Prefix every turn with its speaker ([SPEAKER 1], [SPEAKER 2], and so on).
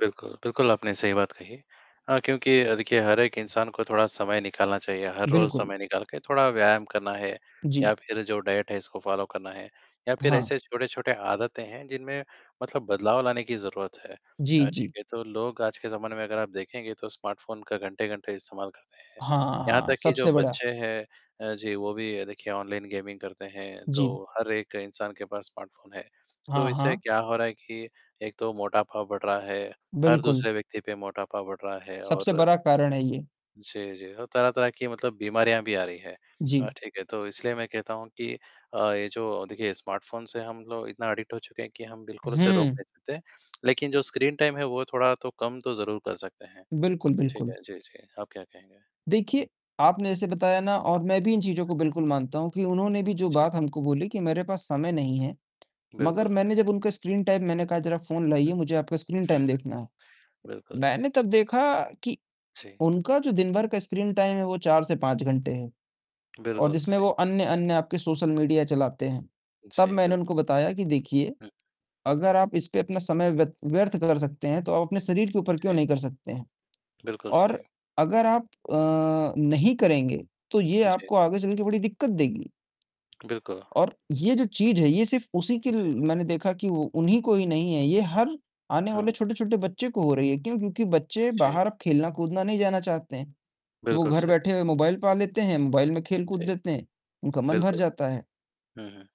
[SPEAKER 1] बिल्कुल, आपने सही बात कही अ, क्योंकि अ, देखिए, हर एक इंसान को थोड़ा समय निकालना चाहिए, हर रोज़
[SPEAKER 2] बिल्कुल।
[SPEAKER 1] समय निकाल के थोड़ा व्यायाम करना है या
[SPEAKER 2] जी।
[SPEAKER 1] फिर जो डाइट है, उसको फ़ॉलो करना है, या फिर
[SPEAKER 2] हाँ।
[SPEAKER 1] ऐसे छोटे-छोटे आदतें हैं, जिनमें मतलब बदलाव लाने की ज़रूरत है
[SPEAKER 2] जी,
[SPEAKER 1] अ, ठीक
[SPEAKER 2] जी।
[SPEAKER 1] है? तो लोग आज के ज़माने में, अगर आप देखेंगे, तो स्मार्टफ़ोन का घंटे-घंटे इस्तेमाल करते हैं,
[SPEAKER 2] हाँ, हाँ,
[SPEAKER 1] यहाँ
[SPEAKER 2] हाँ।
[SPEAKER 1] तक कि जो
[SPEAKER 2] सबसे बड़ा।
[SPEAKER 1] बच्चे हैं अ, जी वो भी देखिए, ऑनलाइन गेमिंग करते हैं, तो
[SPEAKER 2] जी।
[SPEAKER 1] हर एक इंसान के पास स्मार्टफ़ोन है, तो
[SPEAKER 2] हाँ,
[SPEAKER 1] इससे
[SPEAKER 2] हाँ।
[SPEAKER 1] क्या हो रहा है कि एक तो मोटापा बढ़ रहा है, हर
[SPEAKER 2] बिल्कुल।
[SPEAKER 1] दूसरे व्यक्ति पे मोटापा बढ़ रहा है
[SPEAKER 2] सबसे
[SPEAKER 1] और
[SPEAKER 2] बड़ा कारण है ये।
[SPEAKER 1] जी, जी, और तरह-तरह की मतलब बीमारियाँ भी आ रही हैं, अ,
[SPEAKER 2] जी।
[SPEAKER 1] ठीक है? तो इसलिए मैं कहता हूँ कि अ, ये जो, देखिए, स्मार्टफ़ोन से हम लोग इतना अडिक्ट हो चुके हैं कि हम बिल्कुल उसे रोक
[SPEAKER 2] हुँ।
[SPEAKER 1] नहीं सकते लेकिन जो स्क्रीनटाइम है, वो थोड़ा तो कम तो ज़रूर कर सकते हैं,
[SPEAKER 2] बिल्कुल,
[SPEAKER 1] ठीक
[SPEAKER 2] बिल्कुल।
[SPEAKER 1] है? जी, जी। आप क्या कहेंगे?
[SPEAKER 2] देखिए,
[SPEAKER 1] हुँ।
[SPEAKER 2] आपने जैसे बताया ना, और मैं भी इन चीज़ों को बिल्कुल मानता हूँ कि उन्होंने भी जो
[SPEAKER 1] जी।
[SPEAKER 2] बात हमको बोली कि मेरे पास समय नहीं है, मगर
[SPEAKER 1] बिल्कुल।
[SPEAKER 2] मैंने जब उनका स्क्रीनटाइम मैंने कहा, "जरा फ़ोन
[SPEAKER 1] हुँ।
[SPEAKER 2] लाइए, मुझे आपका
[SPEAKER 1] हुँ,
[SPEAKER 2] स्क्रीनटाइम
[SPEAKER 1] हुँ।
[SPEAKER 2] देखना है।"
[SPEAKER 1] बिल्कुल सही।
[SPEAKER 2] मैंने तब देखा कि
[SPEAKER 1] जी।
[SPEAKER 2] उनका जो दिन भर का स्क्रीनटाइम है, वो 4 से 5 घंटे है, और
[SPEAKER 1] बिल्कुल
[SPEAKER 2] जिसमें
[SPEAKER 1] सही।
[SPEAKER 2] वो अन्य-अन्य आपके सोशल मीडिया चलाते हैं, तब
[SPEAKER 1] जी,
[SPEAKER 2] मैंने
[SPEAKER 1] बिल्कुल।
[SPEAKER 2] उनको बताया कि, "देखिए,
[SPEAKER 1] हुँ।
[SPEAKER 2] अगर आप इस पे अपना समय व्यत व्यर्थ कर सकते हैं, तो आप अपने शरीर के ऊपर क्यों
[SPEAKER 1] जी।
[SPEAKER 2] नहीं कर सकते हैं?
[SPEAKER 1] बिल्कुल
[SPEAKER 2] और
[SPEAKER 1] सही।
[SPEAKER 2] अगर आप अ, नहीं करेंगे, तो ये
[SPEAKER 1] जी।
[SPEAKER 2] आपको आगे चलके बड़ी दिक्कत देगी।"
[SPEAKER 1] बिल्कुल।
[SPEAKER 2] और ये जो चीज़ है, ये सिर्फ़ उसी की
[SPEAKER 1] जी।
[SPEAKER 2] मैंने देखा कि वो उन्हीं को ही नहीं है, ये हर आने वाले
[SPEAKER 1] हाँ।
[SPEAKER 2] छोटे-छोटे बच्चे को हो रही है, क्यों? क्योंकि बच्चे
[SPEAKER 1] जी।
[SPEAKER 2] बाहर अब खेलना-कूदना नहीं जाना चाहते हैं, वो
[SPEAKER 1] बिल्कुल
[SPEAKER 2] घर
[SPEAKER 1] सही।
[SPEAKER 2] बैठे हुए मोबाईल पा लेते हैं, मोबाईल में खेल-कूद
[SPEAKER 1] जी।
[SPEAKER 2] लेते हैं, उनका मन भर
[SPEAKER 1] बिल्कुल।
[SPEAKER 2] जाता है।
[SPEAKER 1] हुँ, हुँ।